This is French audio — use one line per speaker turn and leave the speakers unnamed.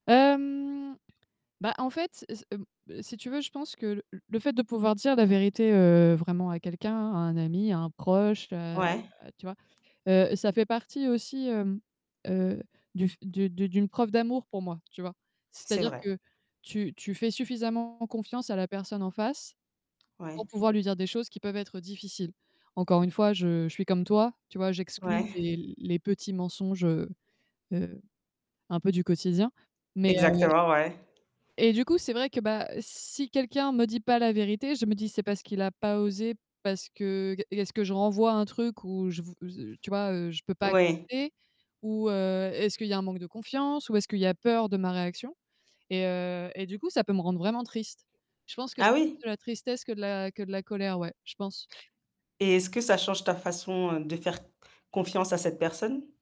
Hem, bah, en fait, s m b si tu veux, je pense que le l le fait de pouvoir dire la vérité, heu, vraiment à quelqu'un, à un ami, à un proche, heu,
Ouais.
tu vois? Heu, ça fait partie aussi, hem, heu, du f du du d'une preuve d'amour pour moi, tu vois?
C'est
C'est-à-dire
vrai.
que tu tu fais suffisamment confiance à la personne en face pour
Ouais.
pouvoir lui dire des choses qui peuvent être difficiles. Encore une fois, je je suis comme toi, tu vois, j'exclus
Ouais.
les les petits mensonges, heu heu, un peu du quotidien. Mais, heu et
Exactement, ouais.
et du coup, c'est vrai que, bah, si quelqu'un me dit pas la vérité, je me dis: «C'est parce qu'il a pas osé, parce que g est-ce que je renvoie un truc où je v» z heu, tu vois, heu, je peux pas
Oui.
accepter? Ou, heu, est-ce qu'il y a un manque de confiance? Ou est-ce qu'il y a peur de ma réaction? Et, heu, et du coup, ça peut me rendre vraiment triste. Je pense que c'est
Ah oui?
plus de la tristesse que de la que de la colère, ouais, je pense.
Et est-ce que ça change ta façon de faire c confiance à cette personne?